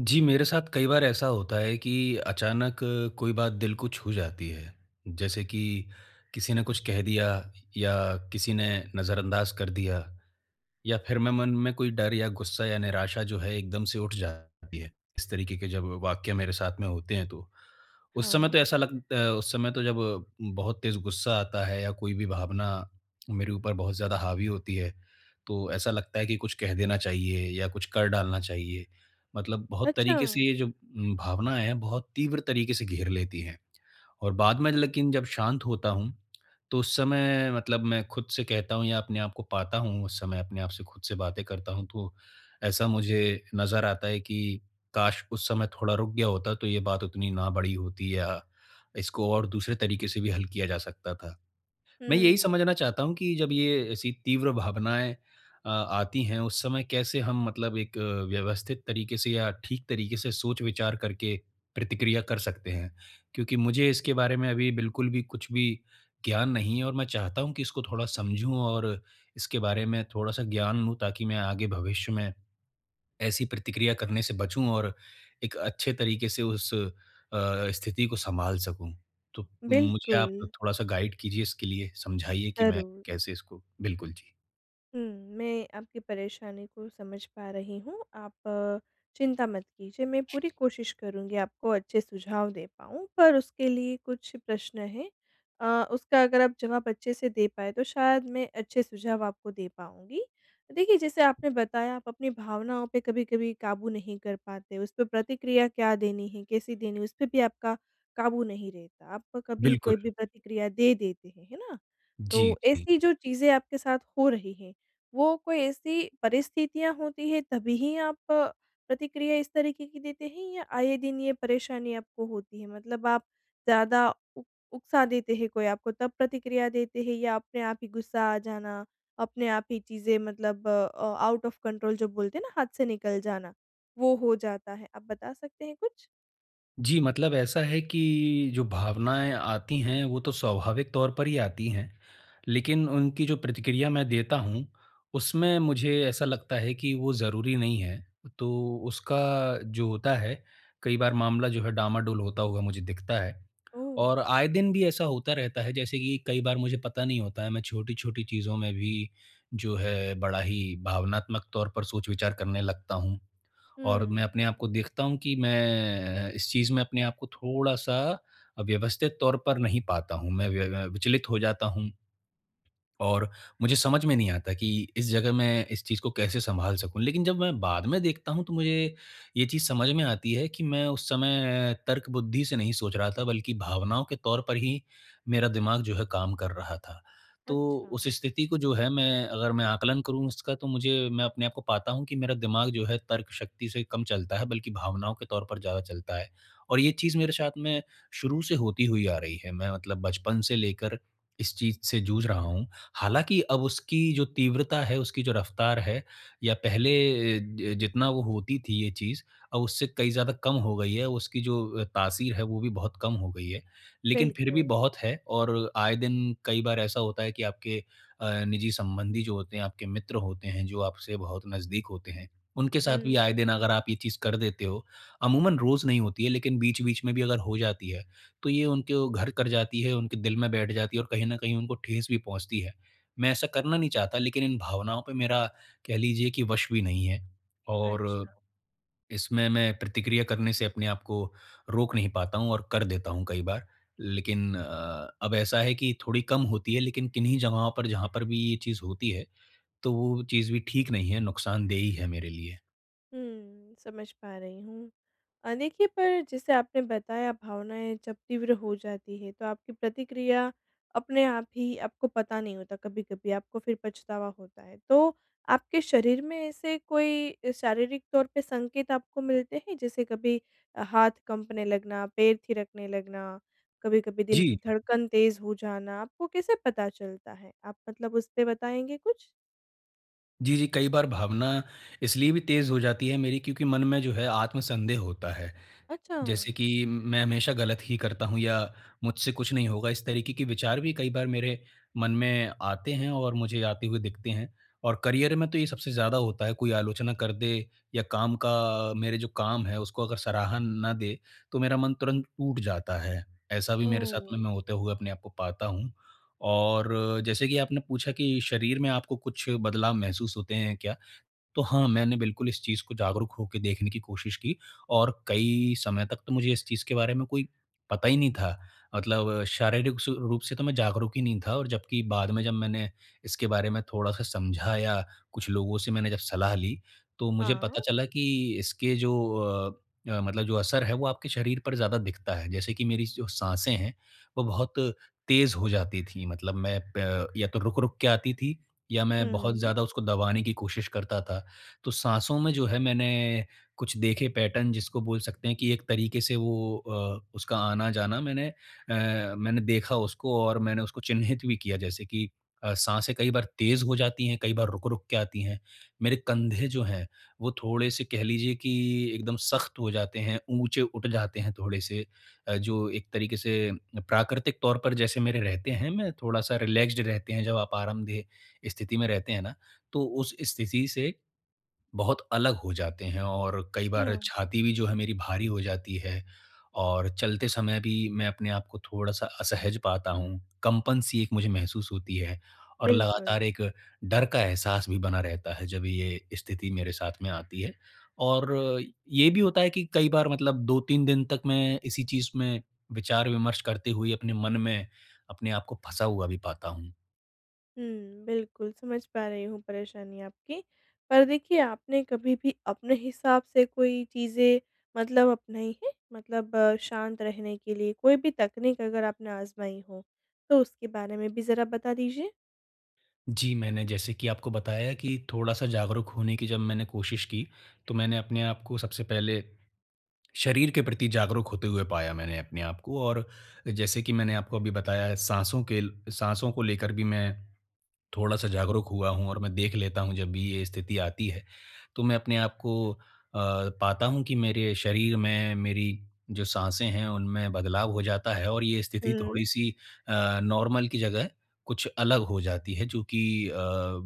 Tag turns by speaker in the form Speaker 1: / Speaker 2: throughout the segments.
Speaker 1: जी, मेरे साथ कई बार ऐसा होता है कि अचानक कोई बात दिल को छू जाती है। जैसे कि, किसी ने कुछ कह दिया या किसी ने नज़रअंदाज़ कर दिया, या फिर मैं मन में कोई डर या गुस्सा या निराशा जो है, एकदम से उठ जाती है, इस तरीक़े के जब वाक़ये मेरे साथ में होते हैं तो। उस समय
Speaker 2: हाँ।
Speaker 1: तो ऐसा लग अ, उस समय तो जब, बहुत तेज़ गुस्सा आता है या कोई भी भावना मेरे ऊपर बहुत ज़्यादा हावी होती है, तो ऐसा लगता है कि कुछ कह देना चाहिए या कुछ कर डालना चाहिए। मतलब बहुत तरीक़े से
Speaker 2: अच्छा!
Speaker 1: ये जो भावनाएँ हैं, बहुत तीव्र तरीक़े से घेर लेती हैं। और बाद में लेकिन जब शांत होता हूँ, तो उस समय मतलब मैं खुद से कहता हूँ या अपने आपको पाता हूँ, उस समय, अपने आप से खुद से बातें करता हूँ तो, ऐसा मुझे नज़र आता है कि काश, उस समय थोड़ा रुक गया होता, तो ये बात उतनी ना बढ़ी होती या इसको और दूसरे तरीक़े से भी हल किया जा सकता था। मैं यही
Speaker 2: हुँ।
Speaker 1: समझना चाहता हूँ कि जब ये ऐसी तीव्र भावनाएँ अ, आती हैं, उस समय कैसे हम मतलब एक, व्यवस्थित तरीक़े से या ठीक तरीक़े से सोच-विचार करके प्रतिक्रिया कर सकते हैं। क्योंकि मुझे इसके बारे में अभी बिल्कुल भी कुछ भी ज्ञान नहीं है और मैं चाहता हूँ कि इसको थोड़ा समझूँ और इसके बारे में थोड़ा-सा ज्ञान लूँ, ताकि मैं आगे भविष्य में, ऐसी प्रतिक्रिया करने से बचूँ और एक अच्छे तरीक़े से उस अ, स्थिति को सँभाल सकूँ। तो मुझे आप
Speaker 2: बिल्कुल।
Speaker 1: थोड़ा-सा गाइड कीजिए इसके लिए, समझाइए कि मैं
Speaker 2: ज़रूर।
Speaker 1: कैसे इसको बिल्कुल, जी।
Speaker 2: हुँ, मैं आपकी परेशानी को समझ पा रही हूँ, आप चिंता मत कीजिए मैं पूरी कोशिश करूँगी आपको अच्छे सुझाव दे पाऊँ पर उसके लिए कुछ प्रश्न हैं अ, उसका अगर आप जवाब अच्छे से दे पाएँ तो शायद मैं अच्छे सुझाव आपको दे पाऊँगी। देखिए जैसे आपने बताया आप अपनी भावनाओं पे कभी-कभी काबू नहीं कर पाते, उस पे प्रतिक्रिया क्या देनी है, कैसी देनी है, उसपे भी आपका काबू नहीं रहता, आपका कभी कोई
Speaker 1: बिल्कुल।
Speaker 2: भी प्रतिक्रिया दे देते हैं, है ना?
Speaker 1: जी,
Speaker 2: तो
Speaker 1: जी।
Speaker 2: ऐसी जो चीज़ें आपके साथ हो रही हैं, वो कोई ऐसी परिस्थितियाँ होती हैं तभी ही आप प्रतिक्रिया इस तरीके की देते हैं या आए दिन ये परेशानी आपको होती है? मतलब आप ज़्यादा उ उकसा देते हैं कोई आपको तब प्रतिक्रिया देते हैं या अपने आप ही गुस्सा आ जाना, अपने आप ही चीज़ें मतलब अ, आउट ऑफ़ कंट्रोल जो बोलते हैं ना हाथ से निकल जाना, वो हो जाता है? आप बता सकते हैं कुछ?
Speaker 1: जी, मतलब ऐसा है कि जो भावनाएँ आती हैं, वो तो स्वाभाविक तौर पर ही आती हैं, लेकिन उनकी जो प्रतिक्रिया मैं देता हूँ, उसमें मुझे ऐसा लगता है कि वो ज़रूरी नहीं है, तो उसका जो होता है, कई बार मामला जो है डामाडोल होता हुआ मुझे दिखता है।
Speaker 2: ओह!
Speaker 1: और आए दिन भी ऐसा होता रहता है जैसे कि कई बार मुझे पता नहीं होता है मैं छोटी-छोटी चीज़ों में भी जो है, बड़ा ही भावनात्मक तौर पर सोच-विचार करने लगता हूँ, और मैं
Speaker 2: हुँ।
Speaker 1: अपने आपको देखता हूँ कि मैं इस चीज़ में अपने आपको थोड़ा-सा व्यवस्थित तौर पर नहीं पाता हूँ, मैं व्य व विचलित हो जाता हूँ। और मुझे समझ में नहीं आता कि इस जगह मैं इस चीज़ को कैसे सँभाल सकूँ, लेकिन जब मैं बाद में देखता हूँ तो मुझे ये चीज़ समझ में आती है, कि मैं उस समय तर्कबुद्धि से नहीं सोच रहा था बल्कि भावनाओं के तौर पर ही, मेरा दिमाग़ जो है काम कर रहा था। तो उस
Speaker 2: अच्छा।
Speaker 1: स्थिति को जो है मैं, अगर मैं आकलन करूँ उसका तो मुझे मैं अपने आपको पाता हूँ कि मेरा दिमाग़ जो है तर्क शक्ति से कम चलता है, बल्कि भावनाओं के तौर पर ज़्यादा चलता है। और ये चीज़ मेरे साथ में शुरू से होती हुई आ रही है, मैं मतलब बचपन से लेकर इस चीज़ से जूझ रहा हूँ। हालाँकि अब उसकी जो तीव्रता है, उसकी जो रफ़्तार है, या पहले ज जितना वो होती थी ये चीज़ और उससे कई ज़्यादा कम हो गई है, उसकी जो तासीर है वो भी बहुत कम हो गई है, लेकिन फिर भी
Speaker 2: बिल्कुल।
Speaker 1: बहुत है, और आए दिन कई बार ऐसा होता है कि आपके अ, निजी संबंधी जो होते हैं, आपके मित्र होते हैं, जो आपसे बहुत नज़दीक होते हैं, उनके साथ भी
Speaker 2: हुँ।
Speaker 1: आए दिन अगर आप ये चीज़ कर देते हो, अमूमन रोज़ नहीं होती है, लेकिन बीच-बीच में भी अगर हो जाती है, तो ये उनके ओ घर कर जाती है, उनके दिल में बैठ जाती है और कहीं न कहीं उनको ठेस भी पहुँचती है। मैं ऐसा करना नहीं चाहता, लेकिन इन भावनाओं पे मेरा कह लीजिए कि वश भी नहीं है, और
Speaker 2: अच्छा।
Speaker 1: इसमें मैं प्रतिक्रिया करने से अपने आपको रोक नहीं पाता हूँ और कर देता हूँ कई बार। लेकिन अ, अब ऐसा है कि थोड़ी कम होती है, लेकिन किन्हीं जगहों पर जहाँ पर भी ये चीज़ होती है, तो वो चीज़ भी ठीक नहीं है, नुक़सानदेह ही है मेरे लिए।
Speaker 2: हुँ, समझ पा रही हूँ। अ, देखिए पर जैसे आपने बताया भावनाएँ जब तीव्र हो जाती है, तो आपकी प्रतिक्रिया अपने आप ही आपको पता नहीं होता कभी-कभी, आपको फिर पछतावा होता है। तो आपके शरीर में ऐसे कोई शारीरिक तौर पे संकेत आपको मिलते हैं? जैसे कभी हाथ कँपने लगना, पैर थिरकने लगना, कभी-कभी दिल की
Speaker 1: जी।
Speaker 2: धड़कन तेज़ हो जाना, आपको कैसे पता चलता है? आप मतलब उस पे बताएँगे कुछ?
Speaker 1: जी, जी। कई बार भावना इसलिए भी तेज़ हो जाती है मेरी क्योंकि मन में जो है आत्म-संदेह होता है।
Speaker 2: अच्छा।
Speaker 1: जैसे कि मैं हमेशा गलत ही करता हूँ या मुझसे कुछ नहीं होगा, इस तरीके के विचार भी कई बार मेरे मन में आते हैं और मुझे आते हुए दिखते हैं और करियर में तो ये सबसे ज़्यादा होता है, कोई आलोचना कर दे या काम का अ, मेरा जो काम है, उसको अगर सराहन ना दे, तो मेरा मन तुरंत टूट जाता है। ऐसा भी मेरे साथ में
Speaker 2: ओह!
Speaker 1: मैं होते हुए अपने आपको पाता हूँ और जैसे कि आपने पूछा कि शरीर में आपको कुछ बदलाव महसूस होते हैं क्या? तो हाँ, मैंने बिल्कुल इस चीज़ को जागरूक होके देखने की कोशिश की और कई समय तक तो मुझे इस चीज़ के बारे में कोई पता ही नहीं था। मतलब शारीरिक स रूप से तो मैं जागरूक ही नहीं था, और जबकि बाद में जब मैंने इसके बारे में थोड़ा-सा समझा या, कुछ लोगों से मैंने जब सलाह ली, तो मुझे पता
Speaker 2: हाँ।
Speaker 1: चला कि इसके जो अ, मतलब जो असर है, वो आपके शरीर पर ज़्यादा दिखता है। जैसे कि मेरी जो साँसें हैं, वो बहुत तेज़ हो जाती थी, मतलब मैं प या तो रुक-रुक के आती थी, या मैं बहुत
Speaker 2: हुँ।
Speaker 1: ज़्यादा उसको दबाने की कोशिश करता था। तो साँसों में जो है, मैं मैंने कुछ देखे पैटर्न जिसको बोल सकते हैं कि एक तरीके से वो अ, उसका आना-जाना मैंने अ, मैंने देखा उसको और मैंने उसको चिह्नित भी किया। जैसे कि अ, साँसें कई बार तेज़ हो जाती हैं, कई बार रुक-रुक के आती हैं। मेरे कंधे जो हैं, वो थोड़े-से कह लीजिए कि एकदम सख्त हो जाते हैं, ऊँचे उठ जाते हैं थोड़े से, अ, जो एक तरीके से प्राकृतिक तौर पर जैसे मेरे रहते हैं, मैं थोड़ा-सा रिलैक्स्ड रहते हैं, जब आप आरामदेह स्थिति में रहते हैं ना, तो उस स्थिति से, बहुत अलग हो जाते हैं और कई बार
Speaker 2: अच्छा।
Speaker 1: छाती भी जो है मेरी भारी हो जाती है और चलते समय भी मैं अपने आप को थोड़ा-सा असहज पाता हूँ। कंपन सी एक मुझे महसूस होती है और
Speaker 2: बिल्कुल।
Speaker 1: लगातार एक, डर का एहसास भी बना रहता है जब ये स्थिति मेरे साथ में आती है और अ, ये भी होता है कि कई बार मतलब 2-3 दिन तक मैं इसी चीज़ में, विचार-विमर्श करते हुए अपने मन में, अपने आप को फँसा हुआ भी पाता हूँ।
Speaker 2: हुँ, बिल्कुल समझ पा रही हूँ परेशानी आपकी, पर देखिए आपने कभी भी अपने हिसाब से कोई चीज़ें मतलब अपनाई हैं? मतलब शांत रहने के लिए, कोई भी तकनीक अगर आपने आज़माई हो, तो उसके बारे में भी ज़रा बता दीजिए?
Speaker 1: जी, मैंने जैसे कि आपको बताया कि थोड़ा-सा जागरूक होने की जब मैंने कोशिश की, तो मैंने अपने आपको सबसे पहले, शरीर के प्रति जागरूक होते हुए पाया, मैंने अपने आपको और जैसे कि मैंने आपको अभी बताया है साँसों के साँसों को लेकर भी मैं थोड़ा-सा जागरूक हुआ हूँ और मैं देख लेता हूँ जब भी ये स्थिति आती है। तो, मैं अपने आप को अ, पाता हूँ कि मेरे शरीर में, मेरी जो साँसें हैं, उनमें बदलाव हो जाता है और ये स्थिति
Speaker 2: हुँ।
Speaker 1: थोड़ी सी अ, नॉर्मल की जगह कुछ अलग हो जाती है जो कि अ,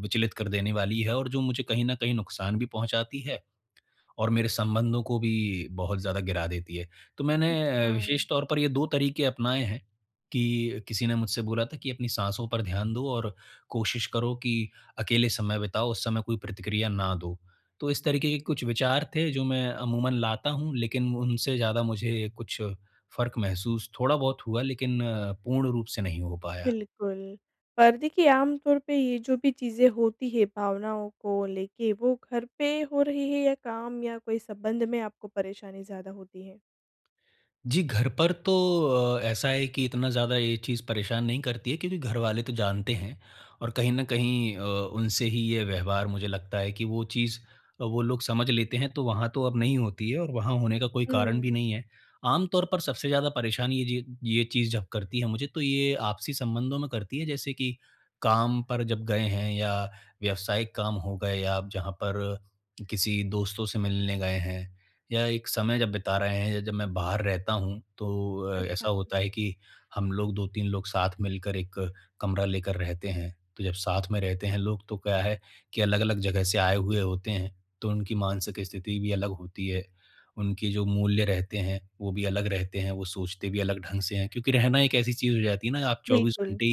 Speaker 1: विचलित कर देने वाली है और जो मुझे कहीं न कहीं नुक़सान भी पहुँचाती है। और मेरे संबंधों को भी बहुत ज़्यादा गिरा देती है। तो मैंने अ,
Speaker 2: अच्छा।
Speaker 1: विशेष तौर पर ये 2 तरीक़े अपनाए हैं कि किसी ने मुझसे बोला था कि अपनी साँसों पर ध्यान दो और कोशिश करो कि अकेले समय बिताओ, उस समय कोई प्रतिक्रिया ना दो। तो इस तरीक़े के कुछ विचार थे, जो मैं अमूमन लाता हूँ, लेकिन उनसे ज़्यादा मुझे कुछ, फ़र्क़ महसूस थोड़ा-बहुत हुआ लेकिन अ, पूर्ण रूप से नहीं हो पाया।
Speaker 2: बिल्कुल और देखिए आम तौर पे ये जो भी चीज़ें होती हैं, भावनाओं को लेके, वो घर पे हो रही है या काम या कोई संबंध में आपको परेशानी ज़्यादा होती है?
Speaker 1: जी, घर पर तो अ, ऐसा है कि इतना ज़्यादा ये चीज़ परेशान नहीं करती है क्योंकि घरवाले तो जानते हैं। और कहीं न कहीं अ, उनसे ही ये व्यवहार मुझे लगता है कि वो चीज़, वो लोग समझ लेते हैं तो वहाँ तो अब नहीं होती है और वहाँ होने का कोई
Speaker 2: हुँ,
Speaker 1: कारण भी
Speaker 2: हुँ।
Speaker 1: नहीं है। आम तौर पर सबसे ज़्यादा परेशानी ये ये चीज़ जब करती है मुझे, तो ये आपसी संबंधों में करती है जैसे कि काम पर जब गए हैं या व्यवसायिक काम हो गए आप जहाँ पर किसी दोस्तों से मिलने गए हैं, या एक समय जब बिता रहे हैं या जब मैं बाहर रहता हूँ, तो अ, ऐसा
Speaker 2: अच्छा।
Speaker 1: होता है कि हम लोग 2-3 लोग साथ मिलकर 1 कमरा लेकर रहते हैं। तो जब साथ में रहते हैं लोग तो क्या है कि अलग-अलग जगह से आए हुए होते हैं, तो उनकी मानसिक स्थिति भी अलग होती है, उनके जो मूल्य रहते हैं, वो भी अलग रहते हैं, वो सोचते भी अलग ढंग से हैं क्योंकि रहना एक ऐसी चीज़ हो जाती है ना, आप 24
Speaker 2: बिल्कुल।
Speaker 1: घंटे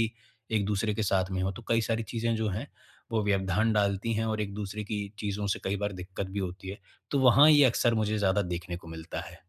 Speaker 1: एक-दूसरे के साथ में हो, तो कई सारी चीजें जो हैं, वो व्यवधान डालती हैं और एक-दूसरे की चीज़ों से कई बार दिक्कत भी होती है। तो वहाँ ये अक्सर मुझे ज़्यादा देखने को मिलता है।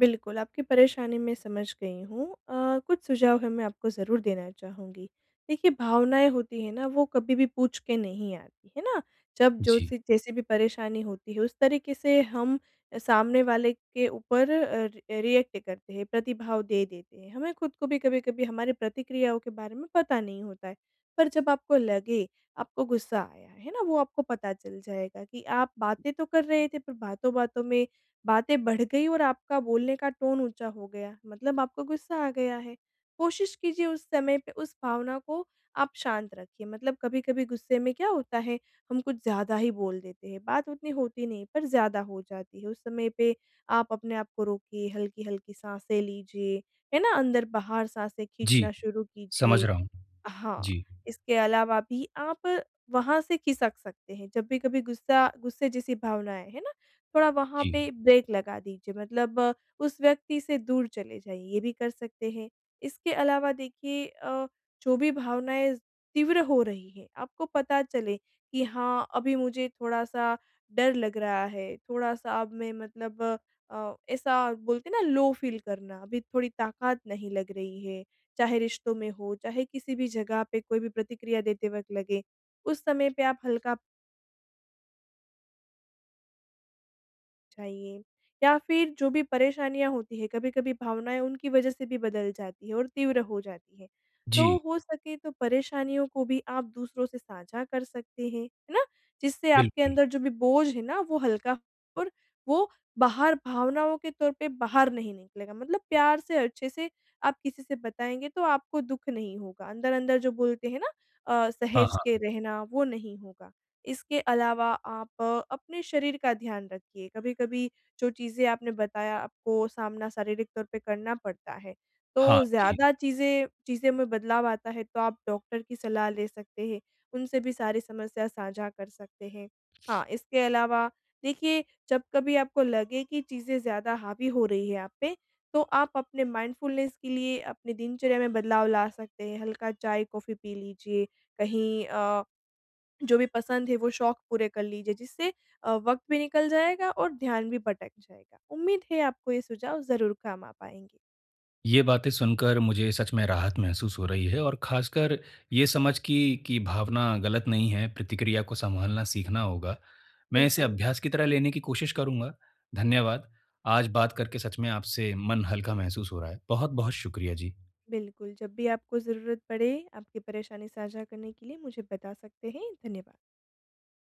Speaker 2: बिल्कुल, आपकी परेशानी मैं समझ गई हूँ, अ, कुछ सुझाव है मैं आपको ज़रूर देना चाहूँगी। देखिए भावनाएँ होती हैं ना, वो कभी भी पूछ के नहीं आती, है ना? जब जो
Speaker 1: जी।
Speaker 2: सी जैसे भी परेशानी होती है उस तरीके से हम सामने वाले के ऊपर अ अ, रिएक्ट करते हैं प्रतिभाव दे देते हैं, हमें खुद को भी कभी-कभी हमारी प्रतिक्रियाओं के बारे में पता नहीं होता है, पर जब आपको लगे आपको गुस्सा आया है ना, वो आपको पता चल जाएगा कि आप बातें तो कर रहे थे पर बातों-बातों में बातें बढ़ गई और आपका बोलने का टोन ऊँचा हो गया, मतलब आपको गुस्सा आ गया है। कोशिश कीजिए उस समय पे उस भावना को आप शांत रखिए मतलब कभी-कभी गुस्से में क्या होता है, हम कुछ ज़्यादा ही बोल देते हैं बात उतनी होती नहीं है पर ज़्यादा हो जाती है उस समय पे आप अपने आप को रोकिए, हल्की-हल्की साँसे लीजिए, है ना? अंदर-बाहर साँसे खींचना
Speaker 1: जी।
Speaker 2: शुरू
Speaker 1: समझ
Speaker 2: कीजिए।
Speaker 1: रहा हूँ।
Speaker 2: हाँ,
Speaker 1: जी।
Speaker 2: इसके अलावा भी आप वहाँ से खिसक सकते हैं जब भी कभी गुस्सा गुस्से जैसी भावना आए, हैं ना? थोड़ा वहाँ
Speaker 1: जी।
Speaker 2: पे ब्रेक लगा दीजिए मतलब, उस व्यक्ति से दूर चले जाइए ये भी कर सकते हैं। इसके अलावा देखिए अ, जो भी भावनाएँ तीव्र हो रही हैं, आपको पता चले कि हाँ, अभी मुझे थोड़ा-सा डर लग रहा है, थोड़ा-सा अब मैं मतलब अ, ऐसा बोलते हैं ना, लो फ़ील करना अभी थोड़ी ताकत नहीं लग रही है, चाहे रिश्तों में हो, चाहे किसी भी जगह पे कोई भी प्रतिक्रिया देते वक़्त लगे, उस समय पे आप हल्का चाहिए, या फिर जो भी परेशानियाँ होती हैं कभी-कभी भावनाएँ उनकी वजह से भी बदल जाती है और तीव्र हो जाती है, तो
Speaker 1: जी।
Speaker 2: हो सके तो परेशानियों को भी आप दूसरों से साझा कर सकते हैं, है ना? जिससे आपके
Speaker 1: बिल्कुल।
Speaker 2: अंदर जो भी बोझ है ना वो हल्का और वो बाहर भावनाओं के तौर पर बाहर नहीं निकलेगा मतलब प्यार से अच्छे से, आप किसी से बताएँगे तो आपको दुख नहीं होगा अंदर-अंदर जो बोलते हैं ना? अ,
Speaker 1: हाँ,
Speaker 2: सहेज के
Speaker 1: हाँ।
Speaker 2: रहना वो नहीं होगा। इसके अलावा आप अ, अपने शरीर का ध्यान रखिए, कभी-कभी जो चीजें आपने बताया आपको सामना शारीरिक तौर पर करना पड़ता है तो
Speaker 1: हाँ, जी।
Speaker 2: ज़्यादा चीजें चीजें में बदलाव आता है तो आप डॉक्टर की सलाह ले सकते हैं, उनसे भी सारी समस्या साझा कर सकते हैं, हाँ, इसके अलावा देखिए जब कभी आपको लगे कि चीजें ज़्यादा हावी हो रही हैं आप पे, तो आप अपने माइंडफुलनेस के लिए अपनी दिनचर्या में बदलाव ला सकते हैं, हल्का चाय-कॉफी पी लीजिए, कहीं अ, जो भी पसंद है वो शौक पूरे कर लीजिए जिससे अ, वक्त भी निकल जाएगा और ध्यान भी भटक जाएगा। उम्मीद है आपको ये सुझाव ज़रूर काम आ पाएँगे।
Speaker 1: ये बातें सुनकर मुझे सच में राहत महसूस हो रही है और ख़ासकर ये समझ कि, कि भावना गलत नहीं है, प्रतिक्रिया को संभालना सीखना होगा। मैं इसे
Speaker 2: बिल्कुल।
Speaker 1: अभ्यास की तरह लेने की कोशिश करूँगा, धन्यवाद, आज बात करके सच में आपसे मन हल्का महसूस हो रहा है। बहुत-बहुत शुक्रिया जी।
Speaker 2: बिल्कुल, जब भी आपको ज़रूरत पड़े आपकी परेशानी साझा करने के लिए मुझे बता सकते हैं धन्यवाद।